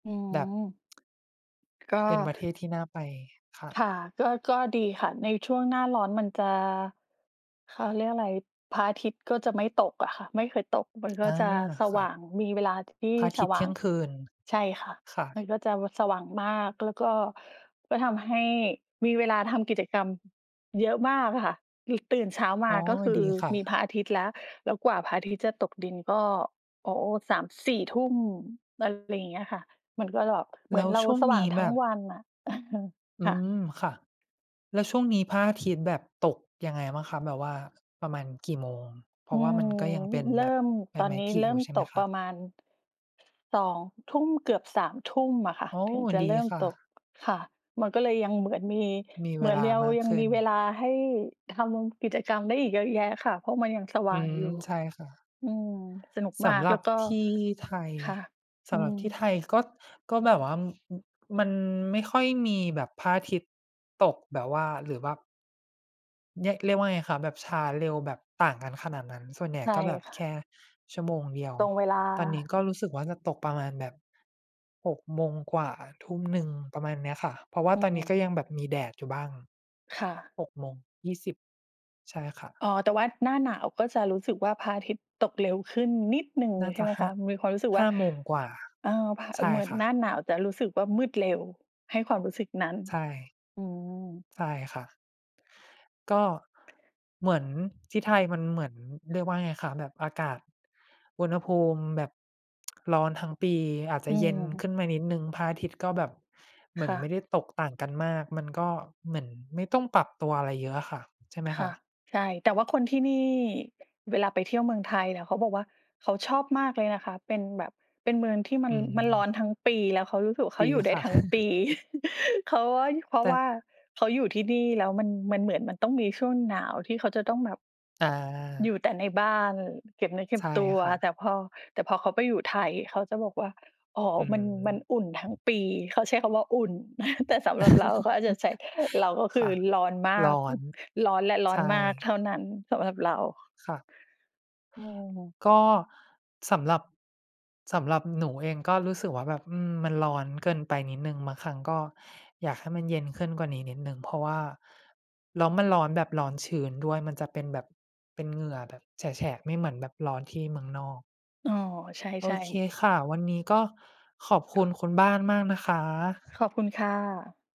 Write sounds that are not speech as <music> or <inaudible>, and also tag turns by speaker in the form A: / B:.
A: อื
B: แบบ
A: ม
B: <tsk>
A: ก็
B: เป็นประเทศ ที่น่าไปค่
A: ค
B: ะ
A: ่ะ ก็ ก็ดีค่ะ ในช่วงหน้าร้อนมันจะ เขาเรียกอะไร พระอาทิตย์ก็จะไม่ตกอะค่ะ ไม่เคยตกมันก
B: อ
A: ็
B: า
A: จะส
B: ค
A: ว
B: ่ะ
A: ่างมีเวลา ที่
B: พระอา
A: ส
B: ทิตย
A: ว
B: ์เท
A: ่
B: ี
A: า
B: ่ย
A: ง
B: งคืน
A: ใช่ค่ะ
B: ค่ะ
A: มันก็จะ ว สว่างมาก แล้วก็ ก็ทำให้มีเวลาทำกิจกรรมเยอะมากอะค่ะ อึก ตื่นเช้าม
B: อ๋
A: า
B: อ
A: ก็คื
B: ด
A: อ
B: ีค่
A: มีพ
B: ะ
A: ระอาทิตย์แล้ว แล้วกว่าพระอาทิตย์จะตกดินก็ โอ้ 21:00-22:00 อะไรอย่างเงี้ยค่ะ มันก็หรอก เ
B: แ
A: หมื
B: ล
A: อ
B: ้
A: น
B: ว
A: เรา
B: ช่วง
A: สว
B: น
A: ่า
B: ี
A: ง
B: ้
A: ท
B: แ
A: ั
B: บ
A: ้ง
B: บ
A: วันอะ เออ
B: อื
A: ค่ะ
B: ม ค่ะ แล้วช่วงนี้พระอาทิตย์แบบตกยังไงบ้างคะ? แบบว่าประมาณกี่โมง? เพร
A: อ
B: า
A: ื
B: ะว่า
A: ม
B: มันก็ยังเป็น
A: เริ
B: แบ
A: ่
B: บ
A: ม
B: ใบ
A: ตอ
B: ไม
A: น
B: ้
A: นี้
B: ผลิ
A: เริ่
B: อยู่
A: ม
B: ใช่
A: ต
B: ไหม
A: ก
B: ค
A: ป
B: ะ?
A: ระมาณ 20:00 เกือบ 21:00 อะค่ะ
B: อ๋อ
A: ถึงจะ
B: ดี
A: เริ่ม
B: ค่
A: ตก
B: ะ
A: ค่ะ มันก็เลยยังเหมือนมี
B: มี
A: เ
B: เ
A: ห
B: ว
A: มือน
B: ล
A: เ
B: า
A: รียว
B: มาก
A: ยัง
B: ขึ
A: ม
B: ้
A: ี
B: น
A: เวลาให้ทำกิจกรรมได้อีกเยอะแยะค่ะ เพราะมันยังสว
B: อื
A: ่าง
B: ม
A: อยู่
B: ใช่ค่ะ
A: อืม สนุก
B: ส
A: มา
B: ำ
A: ก
B: หร
A: แล
B: ั
A: ้
B: บ
A: วก็
B: ที่ ไทย
A: ค่ะ
B: ส
A: อื
B: ำหรับที่
A: ม
B: ไทยก็ ก็แบบว่า อึ อึ มันไม่ค่อยมีแบบพระอาทิตย์ตกแบบว่า หรือว่า เรียก เรียกว่าไงคะ? แบบช้าเร็วแบบต่างกันขนาดนั้น ส่วนใหญ
A: ใ
B: ่
A: ช่
B: ก็แบบ
A: ค่
B: แค
A: ะ
B: ่ชั่วโมงเดียว
A: ตรงเวลา
B: ตอนนี้ก็รู้สึกว่า จะตกประมาณแบบ 18:00 กว่า 19:00 ประมาณเนี้ยค่ะ เพราะว่า
A: อื
B: ตอนนี้ก็
A: อ
B: ยังแบบมีแดดอยู่บ้าง
A: ค่ะ
B: 18:20 ใช่ค่ะ
A: อ๋อ แต่ว่าหน้าหนาวก็จะรู้สึกว่า พระอาทิตย์ตกเร็วขึ้นนิดหนึ่ง
B: น่า
A: ใช
B: จ
A: ่
B: ะ
A: ไหม
B: ห้
A: ค
B: า
A: ะ? มีความรู้สึกว
B: ห้
A: ่า
B: าโมงกว่า
A: เอ่อ พระ
B: ใช่
A: เหมือน
B: ค่
A: ห
B: ะ
A: น้าหนาวจะรู้สึกว่า มืดเร็ว ให้ความรู้สึกนั้น
B: ใช่
A: อืม
B: ใช่ค่ะ ก็เหมือนที่ไทยมันเหมือน เรียกว่าไงคะ แบบอากาศอุณหภูมิแบบ ร้อนทั้งปี อาจจ
A: อ
B: ะ
A: ื
B: เย็นข
A: ม
B: ึ้นมานิดหนึ่ง พระอาทิตย์ ก็แบบเหมื
A: ค
B: อน
A: ่
B: ไ
A: ะ
B: ม่ได้ตกต่างกันมาก มันก็เหมือนไม่ต้องปรับตัวอะไรเยอะอะค่ะ ใช่ไหม
A: ค
B: ค
A: ่
B: ะ?
A: ะ ใช่ แต่ว่าคนที่นี่ เวลาไปเที่ยวเมืองไทยเนี่ย เขาบอกว่า "เขาชอบมากเลยนะคะ" เป็นแบบ เป็นเมืองที่ม
B: อ
A: ั
B: ื
A: น มันร้อ
B: ม
A: นทั้งปี แล้วเขารู้สึกว่าเ
B: ด
A: ขา
B: ี
A: อยู่ได้
B: ค่ะ
A: ทั้งป
B: <chuckles>
A: ี <laughs> เขาว่า ย พรา
B: แต
A: ะ
B: ่
A: ว่าเขาอยู่ที่นี่แล้ว มัน มันเหมือนมันต้องมีช่วงหนาวที่เขาจะต้องแบบ
B: อา
A: อยู่แต่ในบ้านเก็บเนื้อเก็
B: ใช
A: บ
B: ่
A: ตัว
B: ค่
A: แต่
B: ะ
A: พอ แต่พอเขาไปอยู่ไทยเขาจะบอกว่า "อ๋อ
B: อื
A: มัน มันอุ่
B: ม
A: นทั้งปี" เขาใช้คำว่า "อุ่น" <chuckles> แต่สำหรับเราเขาอาจจะใช้ เราก็ค
B: <laughs> ค
A: ื
B: ่
A: อ
B: ะ
A: ร้อนมา
B: ร
A: ก
B: ้อน
A: <chuckles> ร้อนและร้
B: ใ
A: อ
B: ช
A: นมาก
B: ่
A: เท่านั้นสำหรับเรา
B: ค่ะ
A: อืม
B: ก็สำหรับ สำหรับหนูเองก็รู้สึกว่า แบบ อืม มันร้อนเกินไปนิดหนึ่ง บางครั้งก็อยากให้มันเย็นขึ้นกว่านี้นิดหนึ่ง เพราะว่า แล้วมันร้อนแบบร้อนชื้นด้วย มันจะเป็นแบบเป็นเหงื่อแบบแฉะ ๆ ไม่เหมือนแบบร้อนที่เมืองนอก
A: อ๋อ ใช
B: โอ
A: ่
B: เค
A: ๆ
B: ค่ะ วันนี้ก็ขอบคุณคุณบ้านมากนะคะ
A: ขอบคุณค่ะ